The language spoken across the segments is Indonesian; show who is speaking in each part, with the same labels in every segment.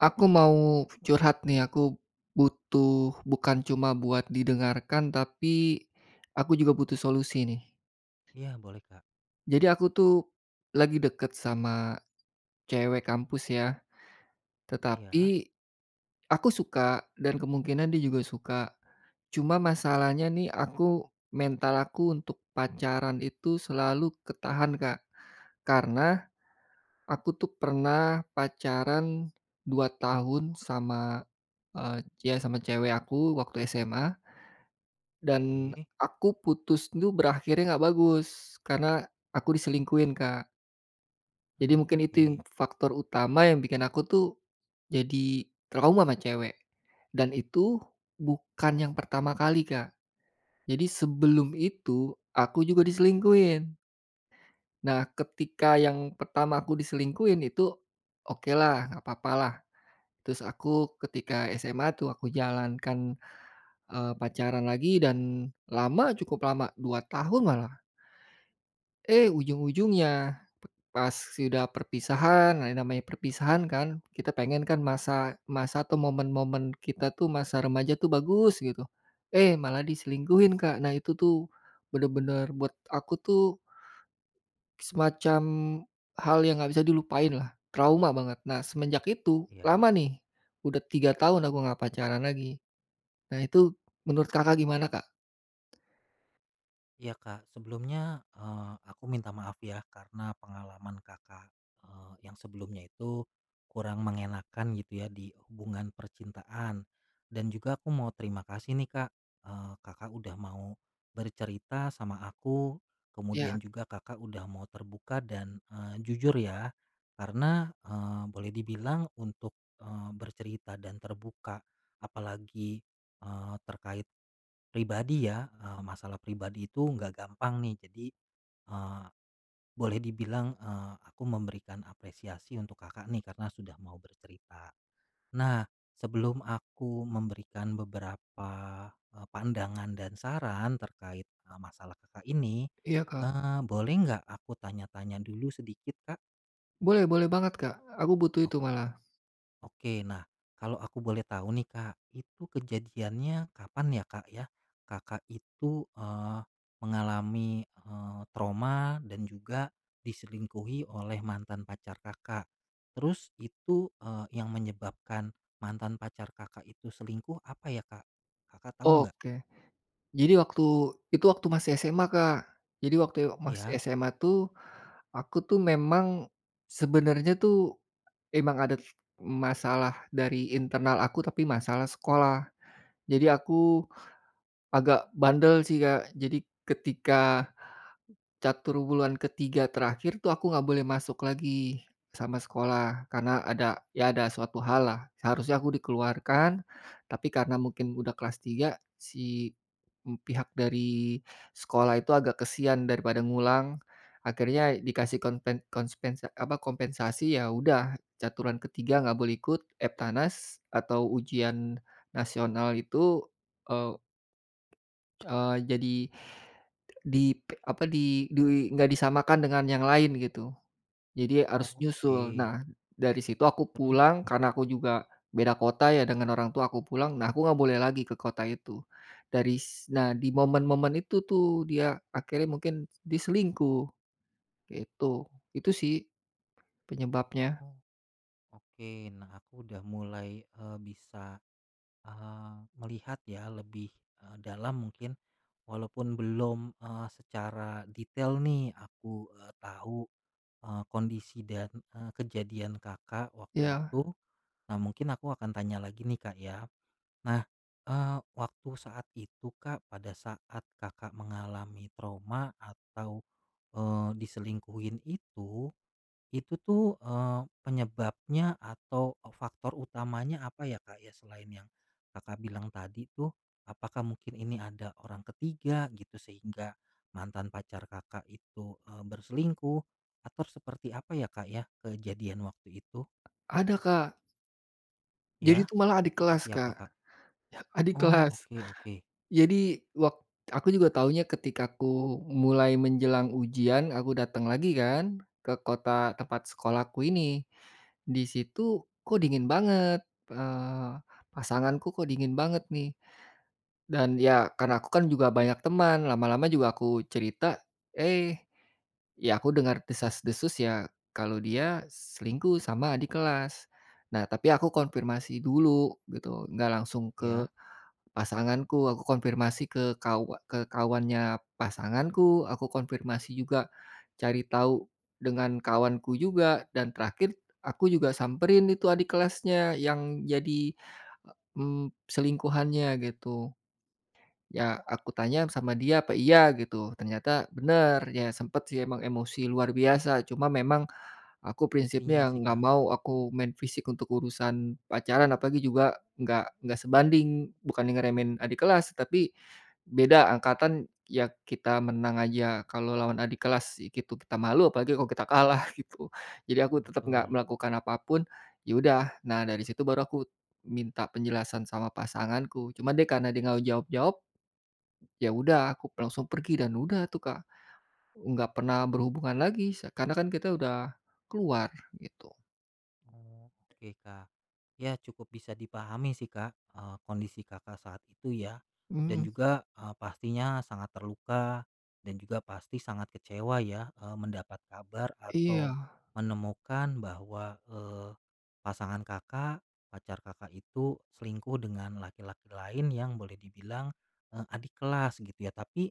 Speaker 1: Aku mau curhat nih aku, butuh bukan cuma buat didengarkan tapi, aku juga butuh solusi nih.
Speaker 2: Iya boleh, Kak.
Speaker 1: Jadi aku tuh, lagi deket sama, cewek kampus ya,
Speaker 2: Iya.
Speaker 1: tetapi, aku suka dan kemungkinan dia juga suka, cuma masalahnya nih aku mental aku untuk pacaran itu selalu ketahan Kak, karena, aku tuh pernah pacaran 2 tahun sama, eee, ya sama cewek aku waktu SMA. Dan
Speaker 2: Oke.
Speaker 1: aku putus tuh berakhirnya gak bagus karena aku diselingkuhin, Kak. Jadi
Speaker 2: Mmm,
Speaker 1: mungkin itu yang
Speaker 2: oke.
Speaker 1: faktor utama yang bikin aku tuh, jadi trauma ama cewek, dan itu bukan yang pertama kali Kak, jadi sebelum itu aku juga diselingkuhin. Nah ketika yang pertama aku diselingkuhin itu, okelah gapapalah, terus aku ketika SMA tuh aku jalan kan, eee, pacaran lagi dan lama cukup lama 2 tahun malah. Eh, ujung-ujungnya p pas sudah perpisahan nah yang namanya perpisahan kan kita pengen kan masa masa atau momen-momen kita tuh masa remaja tuh bagus gitu, eh, malah diselingkuhin Kak, nah itu tuh, bener-bener buat aku tuh Semacam, hal yang gak bisa dilupainlah, trauma banget nah semenjak itu
Speaker 2: Iya.
Speaker 1: lama nih, udah 3 tahun aku gak pacaran lag,i nah itu menurut Kakak, gimana, Kak?
Speaker 2: Iya, Kak, sebelumnya, eee, aku minta maaf ya karena pengalaman Kakak, eee, yang sebelumnya itu, kurang mengenakkan gitu ya di hubungan percintaan dan juga aku mau terima kasih nih, Kak, eee, Kakak, udah mau, bercerita sama aku, kemudian
Speaker 1: Iya.
Speaker 2: juga Kakak, udah mau terbuka dan, eee, jujur ya, karena, eee, boleh dibilang untuk, eee, bercerita dan terbuka, apalagi, eee, terkait, pribadi ya, eee, masalah pribadi itu nggak gampang nih, jadi, eee, boleh dibilang, eee, aku memberikan apresiasi untuk Kakak nih, karena sudah mau bercerita. Nah, sebelum aku memberikan beberapa, eee, pandangan dan saran terkait, eee, masalah Kakak ini,
Speaker 1: Iya, Kak.
Speaker 2: eee, boleh nggak aku tanya-tanya dulu sedikit, Kak?
Speaker 1: Boleh boleh banget, Kak, aku butuh itu
Speaker 2: Oke,
Speaker 1: malah.
Speaker 2: oke, nah, kalau aku boleh tahu nih, Kak, itu kejadiannya kapan ya, Kak, ya, Kakak, itu, eee, mengalami, eee, trauma dan juga, diselingkuhi oleh mantan pacar Kakak? Terus itu, eee, yang menyebabkan mantan pacar Kakak itu selingkuh, apa ya, Kak? Kakak tahu nggak?
Speaker 1: Oke. Jadi waktu itu waktu masih SMA, Kak, jadi waktu yo masih
Speaker 2: Iya.
Speaker 1: SMA tuh, aku tuh memang, sebenarnya tuh, emang ada masalah dari internal aku, tapi masalah sekolah. Jadi aku agak bandel sih, Kak. Jadi ketika, catur wulan ke-3 terakhir tuh, aku gak boleh masuk lagi sama sekolah, karena ada ya, ada suatu hal lah. Seharusnya aku dikeluarkan, tapi karena mungkin udah kelas 3, si, mmm, pihak dari sekolah itu agak kasihan daripada ngulang, akhirnya dikasih konpen konspens eee, apa, kompensasi, ya udah, caturan ke-3 gak boleh ikut EBTANAS atau ujian nasional itu, eee eee, jadi, di p apa, di di gak disamakan dengan yang lain, gitu. Jadi
Speaker 2: Oh,
Speaker 1: harus nyusul.
Speaker 2: oke.
Speaker 1: Nah, dari situ aku
Speaker 2: Terus?
Speaker 1: pulang, karena aku juga beda kota ya, dengan orang tua, aku pulang, nah, aku gak boleh lagi ke kota itu, dari s Nah, di momen-momen itu tuh, dia akhirnya mungkin dia selingkuh. Kayak itu. Itu sih, penyebabnya.
Speaker 2: Oh, oke, nah, aku udah mulai, eee, bisa, eee, melihat ya lebih, eee, dalam mungkin, walaupun belum, eee, secara detail nih aku, eee, tahu, eee, kondisi dan, eee, kejadian Kakak waktu
Speaker 1: Iya.
Speaker 2: itu, nah, mungkin aku akan tanya lagi nih Kak, ya. Nah, eee, waktu saat itu Kak, pada saat Kakak, mengalami trauma atau, eee, diselingkuhin itu, itu tuh, eee, penyebabnya atau e faktor utamanya apa ya, Kak, ya, selain yang Kakak bilang tadi tuh apakah mungkin ini ada orang ke-3 gitu sehingga, mantan pacar Kakak, itu, eee, berselingkuh, atau seperti apa ya, Kak, ya, kejadian waktu itu?
Speaker 1: Ada Kak. Jadi itu
Speaker 2: Ya,
Speaker 1: malah adik
Speaker 2: seperti
Speaker 1: kelas
Speaker 2: apa,
Speaker 1: Kak,
Speaker 2: Kak?
Speaker 1: adik
Speaker 2: Oh
Speaker 1: kelas,
Speaker 2: oke oke.
Speaker 1: jadi wak aku juga tahunya ketika ku mulai menjelang ujian aku datang lagi kan ke kota tempat sekolahku ini, di situ kok dingin banget, eee, pasanganku kok dingin banget nih, dan ya karena aku kan juga banyak teman lama-lama juga aku cerita, eh, ya aku dengar desas-desus ya kalau dia selingkuh sama adik kelas, nah tapi aku konfirmasi dulu gitu gak langsung ke,
Speaker 2: Iya.
Speaker 1: pasanganku aku konfirmasi ke kawa ke kawannya pasanganku aku konfirmasi juga, cari tahu, dengan kawanku juga dan terakhir aku juga samperin itu adik kelasnya yang jadi, mmm, selingkuhannya gitu, ya aku tanya sama dia apa iya gitu ternyata bener ya sempat sih emang emosi luar biasa cuma memang, aku
Speaker 2: Pastinya
Speaker 1: prinsipnya
Speaker 2: sih,
Speaker 1: gak
Speaker 2: Kak.
Speaker 1: mau aku main fisik untuk urusan pacaran apalagi juga gak gak sebanding bukannya ngeremehin adik kelas tapi, beda angkatan ya kita menang aja kalau lawan adik kelas gitu kita malu apalagi kalau kita kalah gitu jadi aku tetap gak
Speaker 2: Betul.
Speaker 1: melakukan apa pun, ya udah nah dari situ baru aku, minta penjelasan sama pasanganku cuma dia karena dia gak mau jawab-jawab ya udah aku langsung pergi dan udah tuh Kak, enggak pernah berhubungan lagi karena kan kita udah, keluar gitu.
Speaker 2: Oke Kak, ya cukup bisa dipahami sih Kak, eee, kondisi Kakak, saat itu ya, dan
Speaker 1: Mmm.
Speaker 2: juga, eee, pastinya sangat terluka, dan juga pasti sangat kecewa ya, eee, mendapat kabar atau,
Speaker 1: Iya.
Speaker 2: menemukan bahwa, eee, pasangan Kakak, pacar Kakak itu selingkuh dengan laki-laki lain yang boleh dibilang, eee, adik kelas gitu ya tapi,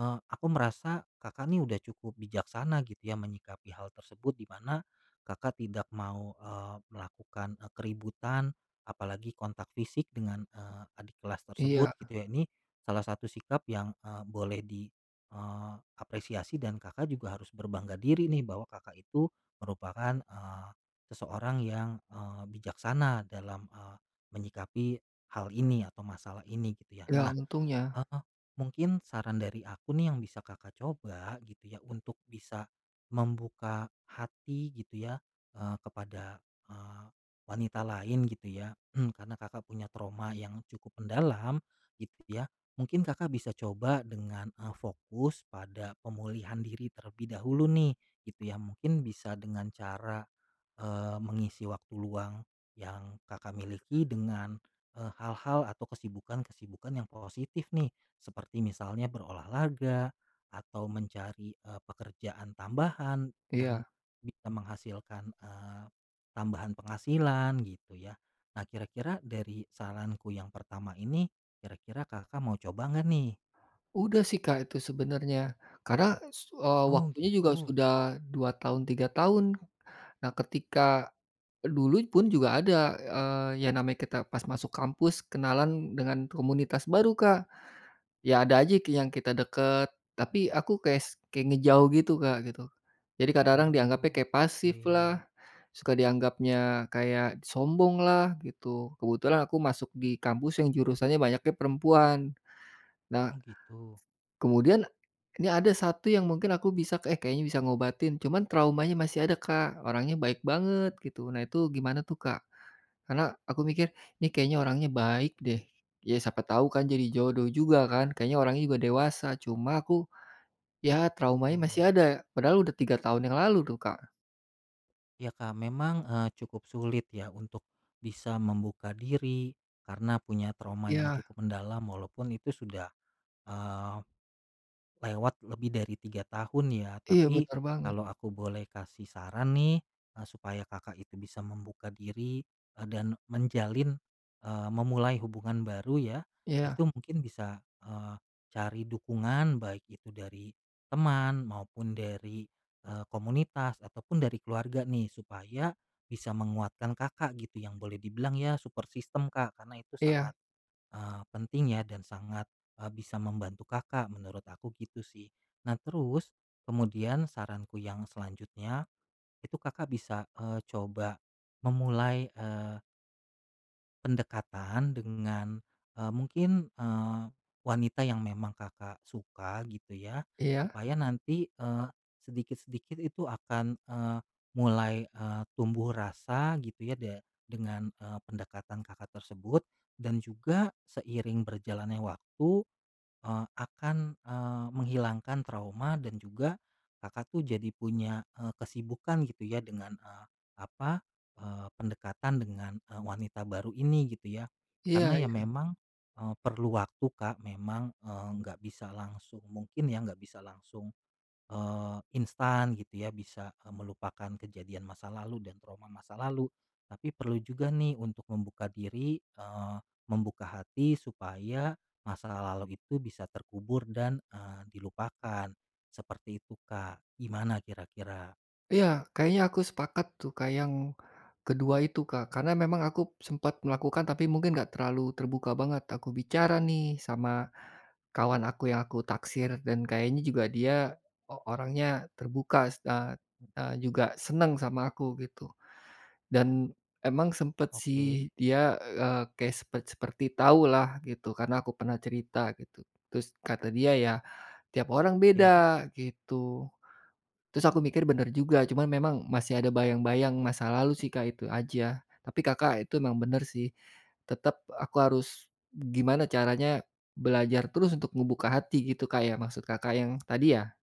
Speaker 2: eee, aku merasa Kakak, nih udah cukup bijaksana gitu ya menyikapi hal tersebut di mana, Kakak, tidak mau, eee, melakukan, eee, keributan, apalagi kontak fisik dengan, eee, adik kelas
Speaker 1: Iya.
Speaker 2: tersebut gitu ya ini, salah satu sikap yang, eee, boleh di, eee, apresiasi dan Kakak, juga harus berbangga diri nih bahwa Kakak, itu merupakan, eee, seseorang yang, eee, bijaksana dalam, eee, menyikapi hal ini atau masalah ini gitu ya
Speaker 1: Ya
Speaker 2: nah,
Speaker 1: untungnya.
Speaker 2: eee, mungkin saran dari aku nih yang bisa Kakak, coba gitu ya untuk bisa, membuka hati gitu ya, eee, kepada, eee, wanita lain gitu ya karena Kakak, punya trauma yang cukup mendalam, gitu ya mungkin Kakak, bisa coba dengan, eee, fokus pada pemulihan diri terlebih dahulu nih gitu ya mungkin bisa dengan cara, eee, mengisi waktu luang, yang Kakak, miliki dengan, eee, hal-hal atau kesibukan kesibukan yang positif nih, seperti misalnya berolahraga, atau mencari, eee, pekerjaan tambahan yang
Speaker 1: Iya.
Speaker 2: bisa menghasilkan, eee, tambahan penghasilan gitu ya, nah kira-kira dari saranku yang pertama ini, kira-kira Kakak, mau coba enggak nih?
Speaker 1: Udah sih Kak, itu sebenarnya karena, su eee,
Speaker 2: Oh
Speaker 1: waktunya juga
Speaker 2: gitu.
Speaker 1: sudah 2 tahun 3 tahun, nah ketika, dulu pun juga ada, eee, yang namanya kita pas masuk kampus kenalan dengan komunitas baru Kak, ya ada aja yang kita dekat tapi aku kayak s kayak ngejauh gitu Kak, gitu, jadi kadang-kadang dianggapnya kayak pasif
Speaker 2: Oke.
Speaker 1: lah, suka dianggapnya kayak sombong lah gitu kebetulan aku masuk di kampus yang jurusannya banyaknya perempuan, nah
Speaker 2: Oh gitu.
Speaker 1: kemudian, nih ada 1 yang mungkin aku bisa, eh, kayaknya bisa ngobatin cuman traumanya masih ada Kak, orangnya baik banget gitu nah itu gimana tuh Kak, karena aku mikir ini kayaknya orangnya baik deh, ya siapa tahu kan jadi jodoh juga kan kayaknya orangnya juga dewasa cuma aku, ya traumanya masih
Speaker 2: Betul.
Speaker 1: ada padahal udah 3 tahun yang lalu tuh, Kak.
Speaker 2: Ya, Kak, memang, eee, cukup sulit ya untuk, bisa membuka diri karena punya trauma yang
Speaker 1: Iya.
Speaker 2: cukup mendalam walaupun itu sudah, eee, lewat lebih dari 3 tahun ya.
Speaker 1: Iya,
Speaker 2: Tapi
Speaker 1: benar banget.
Speaker 2: kalau aku boleh kasih saran nih, eee, supaya Kakak itu bisa membuka diri, eee, dan menjalin, eee, memulai hubungan baru ya,
Speaker 1: Iya.
Speaker 2: itu mungkin bisa, eee, cari dukungan, baik itu dari teman maupun dari, eee, komunitas ataupun dari keluarga nih supaya, bisa menguatkan Kakak gitu yang boleh dibilang ya support system, Kak, karena itu
Speaker 1: Iya.
Speaker 2: sangat, eee, penting ya dan sangat, eee, bisa membantu Kakak, menurut aku gitu sih. Nah, terus kemudian saranku yang selanjutnya, itu Kakak bisa, eee, coba memulai, eee pendekatan dengan, eee, mungkin, eee, wanita yang memang Kakak suka gitu ya.
Speaker 1: Iya?
Speaker 2: Supaya nanti, eee, sedikit-sedikit itu akan, eee, mulai, eee, tumbuh rasa gitu ya de dengan, eee, pendekatan Kakak tersebut, dan juga seiring berjalannya waktu, eee, akan, eee, menghilangkan trauma dan juga Kakak tuh jadi punya, eee, kesibukan gitu ya dengan, eee, apa, eee, pendekatan dengan, e wanita baru ini gitu ya.
Speaker 1: Iya
Speaker 2: Karena ya
Speaker 1: iya.
Speaker 2: memang, eee, perlu waktu, Kak, memang, eee, nggak bisa langsung, mungkin ya, nggak bisa langsung, eee, instan gitu ya bisa, eee, melupakan kejadian masa lalu dan trauma masa lalu. Tapi perlu juga nih untuk membuka diri, eee, membuka hati supaya masa lalu itu bisa terkubur dan, eee, dilupakan. Seperti itu, Kak. Gimana kira-kira?
Speaker 1: Iya, kayaknya aku sepakat, tuh, Kak, yang kedua itu, Kak. Karena, memang aku sempat melakukan, tapi mungkin enggak terlalu terbuka banget aku bicara, nih, sama kawan aku yang aku taksir. Dan, kayaknya juga dia o orangnya terbuka se a eee, juga senang sama aku, gitu. Dan, emang sempat,
Speaker 2: Oke.
Speaker 1: sih, dia, eee, kayak sepet seperti tahulah, gitu. Karena, aku pernah cerita, gitu. Terus, kata dia, "Ya, tiap orang
Speaker 2: Ya.
Speaker 1: beda," gitu. Terus, aku mikir, benar juga, cuma memang masih ada bayang-bayang masa lalu, sih, Kak, itu aja. Tapi, Kakak, itu memang benar, sih. Tetap aku harus gimana caranya belajar terus untuk membuka hati gitu, Kak, ya? Maksud Kakak yang tadi, ya?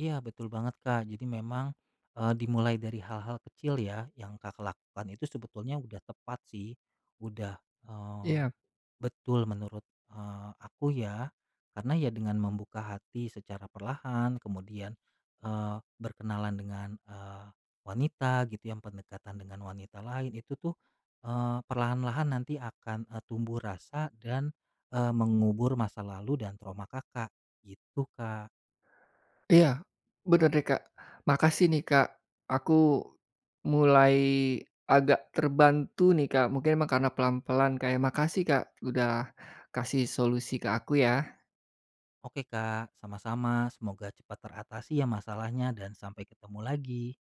Speaker 2: Iya, betul banget, Kak. Jadi, memang, eee, dimulai dari hal-hal kecil, ya. Yang Kakak lakukan itu sebetulnya udah tepat, sih. Udah, eee,
Speaker 1: Iya.
Speaker 2: betul menurut, eee, aku, ya. Karena, ya, dengan membuka hati secara perlahan, kemudian, eee, berkenalan dengan, eee, wanita, gitu, yang pendekatan dengan wanita lain, itu, tuh, eee, perlahan-lahan nanti akan, eee, tumbuh rasa dan, eee, mengubur masa lalu dan trauma Kakak. Gitu, Kak.
Speaker 1: Iya, benar, deh, Kak. Makasih, nih, Kak. Aku mulai agak terbantu, nih, Kak. Mungkin, emang karena pelan-pelan, Kak, ya. Makasih, Kak, udah kasih solusi ke aku, ya.
Speaker 2: Oke, Kak, sama-sama. Semoga cepat teratasi, ya, masalahnya, dan sampai ketemu lagi.